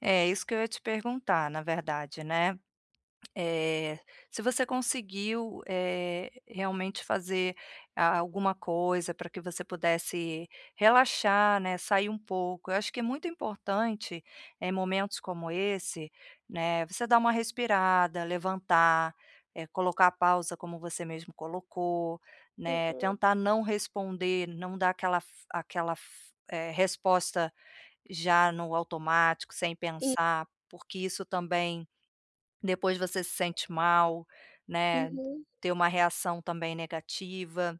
É, isso que eu ia te perguntar na verdade, né, eh, se você conseguiu, eh, realmente fazer a alguma coisa pra que você pudesse relaxar, né, sair um pouco. Eu acho que é muito importante, eh, momentos como esse, né, você dar uma respirada, levantar, eh, colocar a pausa como você mesmo colocou, né. Uhum. Tentar não responder, não dar aquela f aquela f eh, resposta já no automático sem E pensar. Porque isso, também, depois você se sente mal, né. Uhum. Ter uma reação também negativa,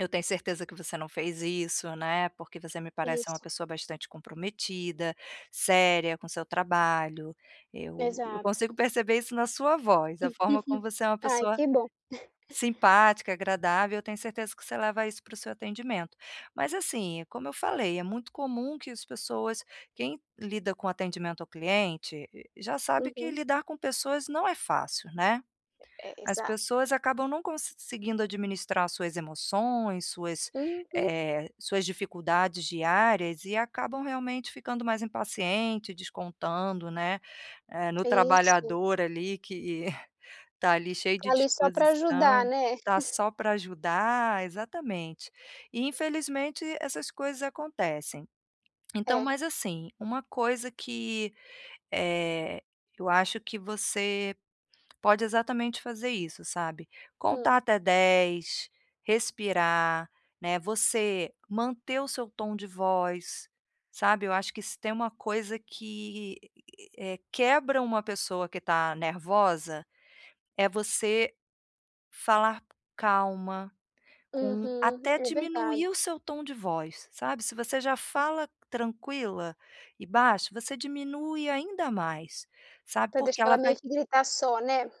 eu tenho certeza que você não fez isso, né, porque você me parece ser uma Isso. pessoa bastante comprometida, séria com seu trabalho. Eu eu consigo Exato. perceber isso na sua voz, a forma como você é uma Ai pessoa que bom. simpática, agradável, eu tenho certeza que você leva isso pro seu atendimento. Mas assim, como eu falei, é muito comum que as pessoas quem lida com atendimento ao cliente e e já sabe que Uhum. lidar com pessoas não é fácil, né? E é, As exato. pessoas acabam não conseguindo administrar as suas emoções, suas, Uhum. eh, suas dificuldades diárias e acabam, realmente, ficando mais impaciente, descontando, né, eh, no Isso. trabalhador ali que está ali cheio de Tá ali só para ajudar, disposição né? está só pra ajudar, exatamente. E infelizmente essas coisas acontecem. Então É. Mas assim, uma coisa que, eh, eu acho que você pode exatamente fazer isso, sabe, Hum. contar até dez, respirar, né. Você manter o seu tom de voz, sabe, eu acho que se tem uma coisa que, eh, quebra uma pessoa que está nervosa, é você falar calma, com Uhum, até é verdade. diminuir o seu tom de voz, sabe? Se você já fala tranquila e baixo, você diminui ainda mais, sabe. Pra Porque deixar ela ela meio vai que gritar só, né?